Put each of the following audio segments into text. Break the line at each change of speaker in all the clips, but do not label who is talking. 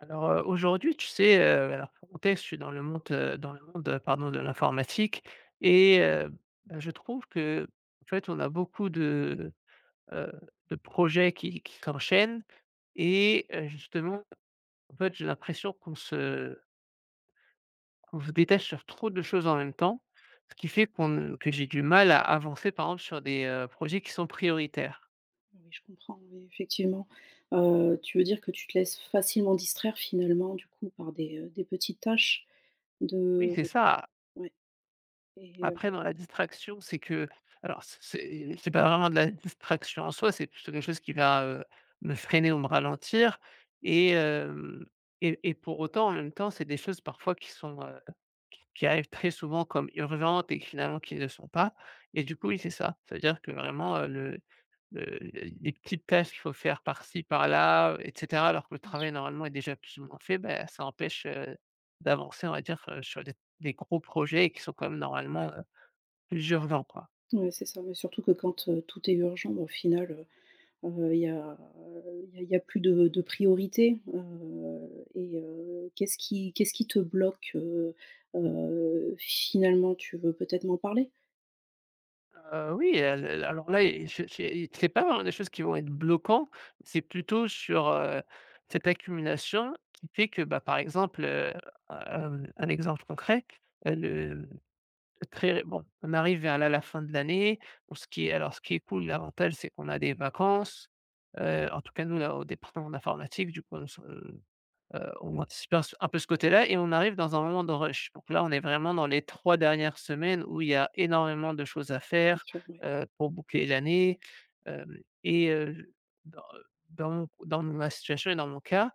Alors, heu, aujourd'hui tu sais, heu, oui alors quand est-ce je suis dans le monte dans le monde pardon de l'informatique et heu, bah, je trouve qu'en fait on a beaucoup de, heu, de projets qui qui s'enchaînent et heu, justement en fait, j'ai l'impression qu'on se qu'on se détache sur trop de choses en même temps, ce qui fait qu'on ne que j'ai du mal à avancer, par exemple, sur des, heu, projets qui sont prioritaires.
Oui, je comprends oui, effectivement. Heu, tu veux dire que tu te laisses facilement distraire finalement du coup par des, heu, des petites tâches
Oui,
de
c'est ça.
ouais et heu
Après dans la distraction, c'est que alors c c'est c'est pas vraiment de la distraction en soi, c'est plutôt quelque chose qui va, heu, me freiner ou me ralentir et hem, et et pour autant en même temps, c'est des choses parfois qui sont, heu, qui qui arrivent très souvent comme urgentes et finalement qui le sont pas et du coup oui, c'est ça, ça veut dire que vraiment, heu, le le les les petites tâches qu'il faut faire par-ci par-là et cetera alors que le
Bien sûr.
travail normalement est déjà plus ou moins fait, beh, ça empêche, heu, d'avancer on va dire sur des des gros projets qui sont quand même normalement, heu, plus urgents quoi.
Ouais, c'est ça, ouais surtout que quand tout est urgent mais au final, heu, il y a il y a il y a plus de de priorité, heu et heu, qu'est-ce qui qu'est-ce qui te bloque? Heu heu, finalement tu veux peut-être m'en parler?
Heu, oui al al alors là, il je j'ai et c'est pas vraiment des choses qui vont être bloquants, c'est plutôt sur, heu, cette accumulation qui fait que, bah, par exemple, heu, hem un exemple concret, heu, le le très et bon on arrive vers la la fin de l'année. Pour ce qui est alors ce qui est cool, l'avantage c'est qu'on a des vacances. Heu, en tout cas nous à au département d'informatique du coup on se, heu, on anticipait s un peu ce côté-là et on arrive dans un moment de rush. Donc là, on est vraiment dans les 3 dernières semaines où il y a énormément de choses à
Bien
faire,
sûr, oui.
heu, pour boucler l'année. Hem et heu, dans, heu, dans mon dans ma situation et dans mon cas,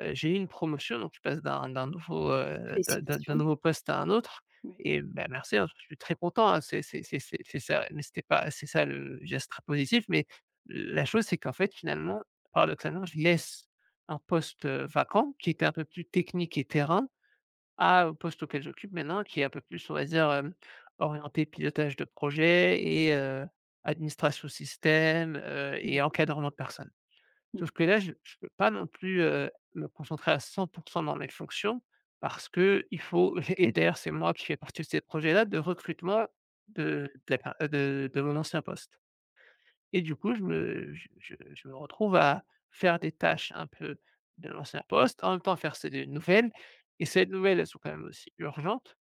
heu, j'ai eu une promotion donc je passe d'un d'un nouveau, heu, d'un d'un d'un
Félicitations.
nouveau poste à un autre
Oui.
et bah merci hein, je suis très content hein, c'est c'est c'est c'est c'est ça, ouais. Mais c'était pas c'est ça le geste très positif, mais la chose c'est qu'en fait finalement paradoxalement, je laisse un poste, heu, vacant qui est un peu plus technique et terrain, à un poste auquel j'occupe maintenant qui est un peu plus on va dire, hem, orienté pilotage de projet et heu, administration système, heu et
[unintelligible]
encadrement de personne. Sauf
Ouais.
que là, je je peux pas non plus, heu, me concentrer à 100 % dans mes fonctions parce qu'il faut et et d'ailleurs c'est moi qui fais partie de ces projets-là de recrutement de de la per heu, de de mon ancien poste et du coup, je me je je je me retrouve à faire des tâches un peu de l'ancien poste, en même temps faire ceux des nouvelles et ces nouvelles, elles sont quand même aussi urgentes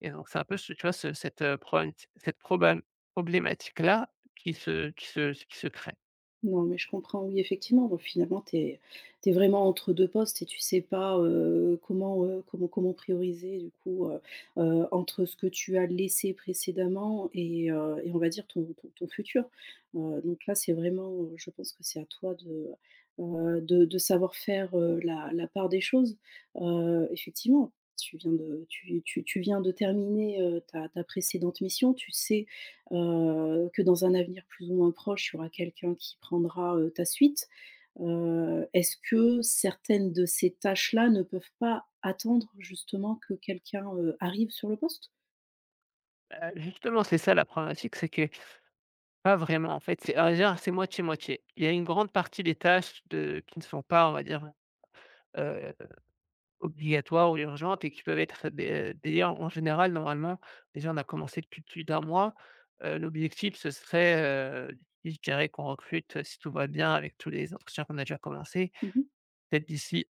et donc, c'est un peu ce tu vois? Ce cette, heu, problématit cette probam problématique-là qui se qui se s qui se crée.
Non, mais je comprends. Oui, effectivement, donc finalement, tu es tu es vraiment entre 2 postes et tu sais pas, heu, comment, heu, comment comment prioriser, du coup, heu heu, entre ce que tu as laissé précédemment et heu, et on va dire ton ton ton futur. Heu, donc là, c'est vraiment, heu, je pense que c'est à toi de, heu, de de savoir faire, heu, la la part des choses. Heu, effectivement, tu viens de tu tu tu viens de terminer, heu, ta ta précédente mission. Tu sais, heu, que dans un avenir plus ou moins proche, il y aura quelqu'un qui prendra, heu, ta suite. Heu, est-ce que certaines de ces tâches-là ne peuvent pas attendre, justement que quelqu'un, heu, arrive sur le poste?
Bah, justement, c'est ça la problématique. C'est que pas vraiment, en fait. C'est à vrai dire c'est moitié-moitié. Il y a une grande partie des tâches de qui ne sont pas, on va dire, heu heu, obligatoires ou urgentes et qui peuvent être des, heu, des [unintelligible] en en général, normalement, déjà, on a commencé depuis plus d '1 mois. Heu, l'objectif, ce serait, heu, je dirais qu'on recrute, si tout va bien avec tous les entretiens qu'on a déjà commencés,
Mmh mh.
peut-être d'ici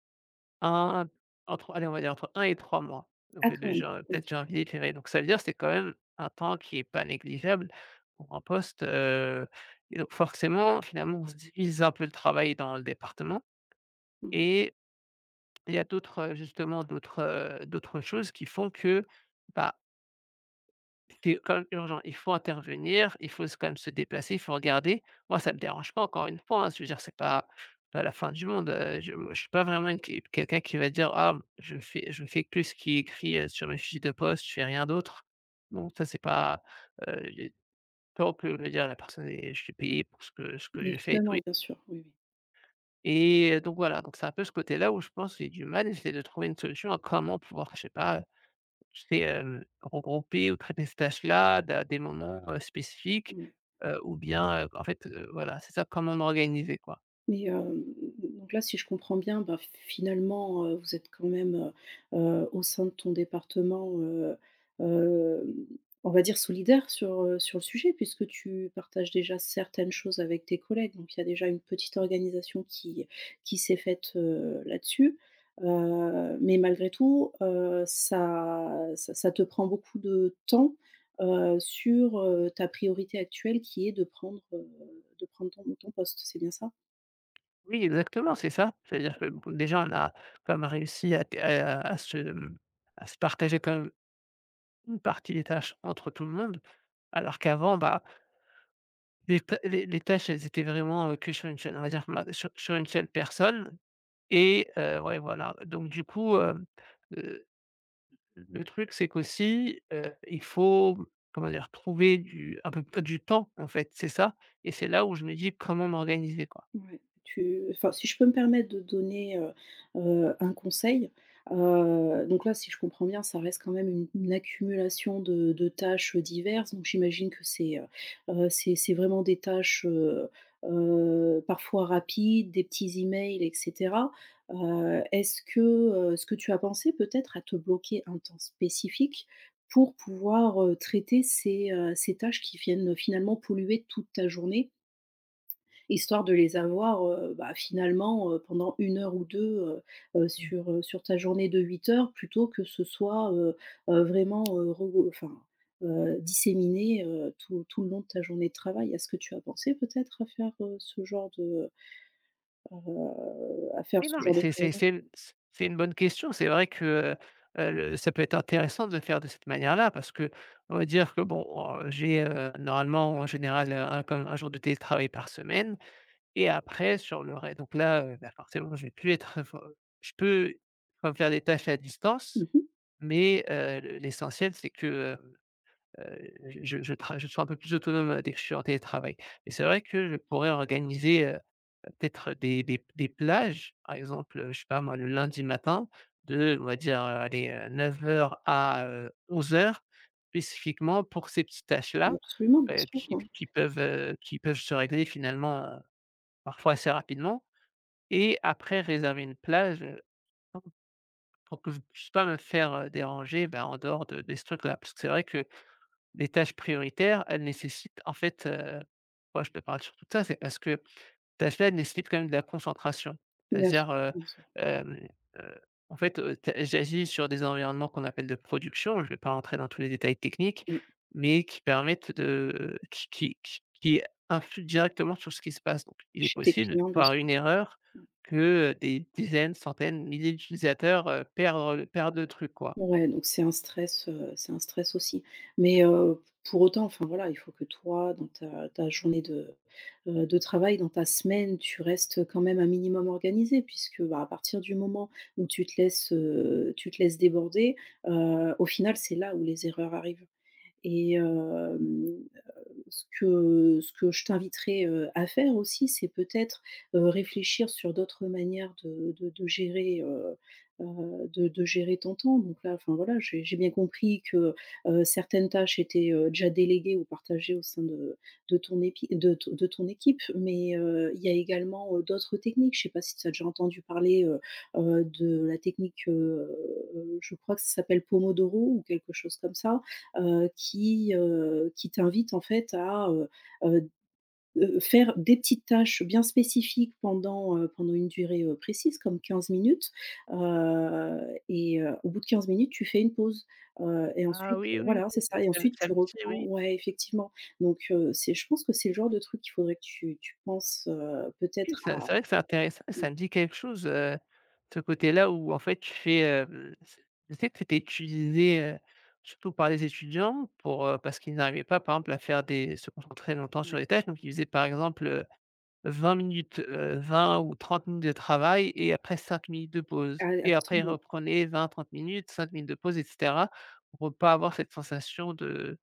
1, entre, allez on va dire entre 1 et 3 mois donc,
Ah
heu,
quand
de
même.
jan
Oui.
peut-être janvier de février, donc ça veut dire, c'est quand même un temps qui est pas négligeable pour un poste, heu et donc, forcément, finalement, on se divise un peu le travail dans le département
Ouais.
et il y a d'autres, heu, justement d'autres, heu, d'autres choses qui font que, bah qui est quand même urgent. Il faut intervenir, il faut s quand même se déplacer, il faut regarder. Moi, ça me dérange pas, encore une fois, hein, s je veux dire, c'est pas pas la fin du monde. Heu, je je suis pas vraiment qui quelqu'un qui va dire,: «Ah, je fais je fais que ce qui est écrit, heu, sur mes fiches de poste, je fais rien d'autre», donc, tu vois, c'est pas, heu, pas au plus [unintelligible] dire à la personne: «Et je suis payé pour ce que ce que j'ai fait», et tout i
Évidemment, bien sûr, oui, oui.
Et heu, donc voilà. Donc c'est un peu ce côté là où je pense j'ai du mal à essayer de trouver une solution à comment pouvoir enfin je sais pas, heu, tu sais hem, regrouper ou traiter ces tâches là da à des moments, heu, spécifiques,
Ouais.
heu, ou bien, heu, en fait, heu, voilà c'est ça, comment m'organiser quoi.
Mais hem, donc là si je comprends bien bah, f finalement, heu, vous êtes quand même, heu heu, au sein de ton département, heu, hem on va dire solidaires sur, heu, sur le sujet. Puisque tu partages déjà certaines choses avec tes collègues. Donc il y a déjà une petite organisation qui qui s'est faite, heu, là-dessus, heu. Mais malgré tout, heu, ça -ça ça te prend beaucoup de temps, heu, sur, heu, ta priorité actuelle, qui est de prendre, heu, de prendre ton ton poste. C'est bien ça?
Oui exactement c'est ça. C'est-à-dire que b déjà on a quand même réussi à t à à à se mmh, à se partager quand même une partie des tâches entre tout le monde, alors qu'avant bah les tâ les les tâches elles étaient vraiment, heu, que sur une seule on va dire bah, su sur une seule personne et heu, ouais voilà. Donc du coup hem, heu, l le truc c'est qu'aussi, heu, il faut m comment dire trouver du, un peu peu du temps en fait c'est ça et c'est là où je me dis: «Comment m'organiser, quoi?»
Ouais, tu enfin, si je peux me permettre de donner, heu heu, un conseil, heu, donc là, si je comprends bien, ça reste quand même une une accumulation de de tâches, heu, diverses. Donc j'imagine que c'est, heu heu, c'est c'est vraiment des tâches, heu heu parfois rapides. Des petits e-mails et cetera, heu, est-ce que, heu, est-ce que tu as pensé peut-être à te bloquer un temps spécifique? Pour pouvoir, heu, traiter ces, heu ces tâches qui viennent, heu, finalement polluer toute ta journée? Histoire de les avoir, heu, bah finalement, heu, pendant 1 heure ou 2 heu heu,
Oui.
sur, heu sur ta journée de 8 heures. Plutôt que ce soit, heu heu, vraiment, heu, regrou enfin, heu, disséminé heu, tout tout le long de ta journée de travail. Est-ce que tu as pensé peut-être à faire, heu, ce genre de, heu heu à faire
Oui non
ce
mais
genre de
c'est
choses?
c'est c'est l s c'est une bonne question. C'est vrai que, heu heu le ça peut être intéressant de le faire de cette manière là. Parce qu'on va dire que bon en j'ai, heu, normalement en général, heu, un comme un jour de télétravail par semaine et après sur le rè donc là, heu, ben forcément je vais plus être info je peux quand même faire des tâches à
Mmh
distance.
mh.
Mais, heu, l'essentiel c'est que, heu heu je je je trava je sois un peu plus autonome, heu, dès que je suis en télétravail. Et c'est vrai que je pourrais organiser, heu, peut-être des des p des plages par exemple, heu, je sais pas moi le lundi matin. De, on va dire, heu, allez, heu, 9:00 à heu, 11:00 spécifiquement pour ces petites tâches
Mais
là
absolument, bien
heu,
sûr
qui
ouais.
qui peuvent, heu, qui peuvent se régler finalement, heu, parfois assez rapidement et après réserver une plage, heu, en pour que je puisse pas me faire, heu, déranger ben, en dehors de de ce truc là. Parce que c'est vrai que les tâches prioritaires, elles nécessitent en fait heu moi je te parle surtout de ça, c'est parce que tâches là, elles nécessitent quand même de la concentration.
Bien sûr,
C'est-à-dire, heu,
bien sûr.
hem, heu, en fait, heu, tu as j'agis sur des environnements qu'on appelle de production, je vais pas rentrer dans tous les détails techniques.
Oui.
Mais qui permettent de qui qui qui qui influent directement sur ce qui se passe, donc il est
Chez tes
possible
clients bien su
par une erreur
mmh
que, heu, des dizaines, centaines, milliers d'utilisateurs, heu, perdre le perdent le truc, quoi.
Ouais donc c'est un stress, heu, c'est un stress aussi. Mais, heu, pour autant enfin voilà, il faut que toi dans ta ta journée de, heu, de travail, dans ta semaine. Tu restes quand même un minimum organisé, puisque bah, à partir du moment où tu te laisses, heu, tu te laisses déborder heu, au final, c'est là où les erreurs arrivent et hem, heu, ce que ce que je t'inviterai, heu, à faire aussi c'est peut-être, heu, réfléchir sur d'autres manières de de de gérer, heu heu, de de gérer ton temps. Donc là enfin voilà, j'ai j'ai bien compris que, heu heu, certaines tâches étaient, heu, déjà déléguées ou partagées au sein de de ton épi de t de ton équipe. Mais, heu, il y a également, heu, d'autres techniques. Je sais pas si tu as déjà entendu parler, heu heu, de la technique, heu. Je crois que ça s'appelle Pomodoro ou quelque chose comme ça, heu, qui, heu, qui t'invite en fait à, heu heu d heu, faire des petites tâches bien spécifiques. Pendant, heu, pendant une durée, heu, précise comme 15 minutes. Heu et heu, au bout de 15 minutes, tu fais une pause, heu, et
Ah
ensuite,
oui, oui!
voilà, c'est
Ca
ça et
ça
ensuite
ça
tu
aussi,
reprends
oui.
ouais, effectivement. Donc, heu, c'est je pense que c'est le genre de truc qu'il faudrait que tu tu penses, heu,
Oui,
peut-être
ça,
à
c'est vrai que c'est intéressant.
ouais.
Ça me dit quelque chose, heu, de ce côté là où en fait tu fais, heu, l c'est, je sais que c'était utilisé, heu, surtout par les étudiants. Pour, heu parce qu'ils n'arrivaient pas par exemple à faire des se concentrer longtemps
Ouais.
sur les tâches. Donc ils faisaient par exemple, heu, 20 minutes, heu, 20 ou 30 minutes de travail et après 5 minutes de pause.
Ah, et
Et après ils
absolument.
reprenaient 20 30 minutes, 5 minutes de pause et cetera. Pour pas avoir cette sensation de,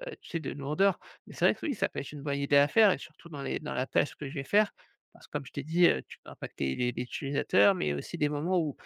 heu, tu sais de lourdeur. Mais c'est vrai que oui, ça peut être une bonne idée à faire et surtout dans les dans la tâche que je vais faire, parce que comme je t'ai dit, heu, tu peux impacter les les utilisateurs. Mais aussi des moments où,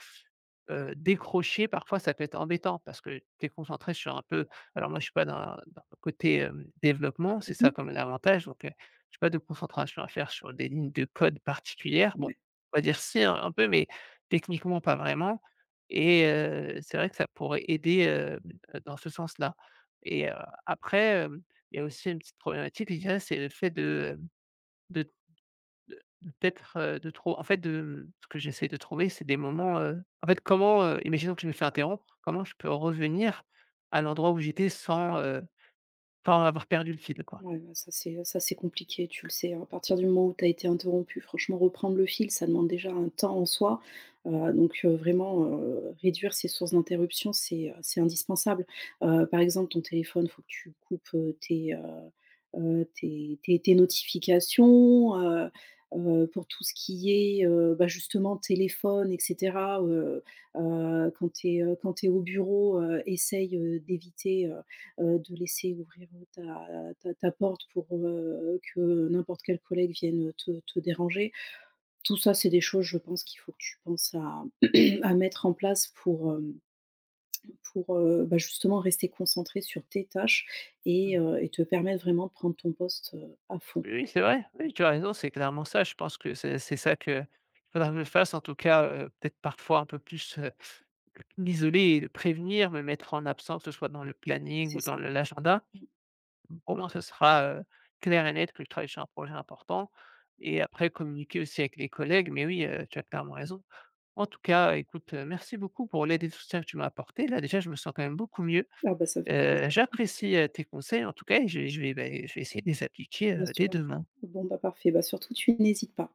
heu, décrocher parfois ça peut être embêtant. Parce que tu es concentré sur un peu alors moi je suis pas dans, dans le côté hem, développement c'est
Mmh
ça
mh.
quand même l'avantage. Donc, heu, j'ai pas de concentration à faire sur des lignes de codes particulières. Bon,
Mais
on va dire si un un peu mais techniquement pas vraiment et heu, c'est vrai que ça pourrait aider heu, d dans ce sens là et heu, après hem, il y a aussi une petite problématique. Déjà, c'est le fait de hem, de de peut-être, heu, de trop en fait, de ce que j'essaie de trouver, c'est des moments heu, en fait comment heu, imaginons que je me fais interrompre, comment je peux revenir à l'endroit où j'étais sans, heu, sans avoir perdu le fil quoi?
Ouais bah, ça c'est, heu ça c'est compliqué, tu le sais hein. À partir du moment où tu as été interrompu, franchement reprendre le fil, ça demande déjà un temps en soi, heu. Donc, heu, vraiment, heu, réduire ces sources d'interruption, c'est, heu, c'est indispensable, heu, par exemple ton téléphone. Faut que tu coupes, heu, tes, heu heu, tes tes tes notifications, heu heu, pour tout ce qui est, heu, bah justement téléphone et cetera. Heu heu, quand tu es, heu, quand tu es au bureau, heu, essaie, heu, d'éviter, heu heu, de laisser ouvrir, heu ta ta ta porte pour, heu, que n'importe quel collègue vienne, heu, te te déranger. Tout ça, c'est des choses je pense qu'il faut que tu penses à à mettre en place, pour hem pour, heu, bah justement rester concentré sur tes tâches
Mmh
et
mh.
heu et te permettre vraiment de prendre ton poste, heu, à fond.
Oui, oui c'est vrai. Oui, tu as raison, c'est clairement ça. Je pense que c'est c'est ça qu'il faudra que je fasse. En tout cas, heu, peut-être parfois un peu plus, heu, m'isoler et de prévenir, me mettre en absence que ce soit dans le planning
C'est
ou dans
ça.
le l'agenda
Mmh.
au moins ce sera, heu, clair et net que je travaille sur un projet important et après communiquer aussi avec les collègues mais oui, heu, tu as clairement raison. En tout cas, écoute, heu, merci beaucoup pour l'aide et le soutien que tu m'as apporté. Là déjà je me sens quand même beaucoup mieux.
Ah bah ça me fait
Heu,
plaisir.
j'apprécie, heu, tes conseils en tout cas et je vais je vais, beh je vais essayer de les appliquer
Bien
heu, dès
sûr.
demain.
Bon bah parfait, bah surtout, tu n'hésites pas.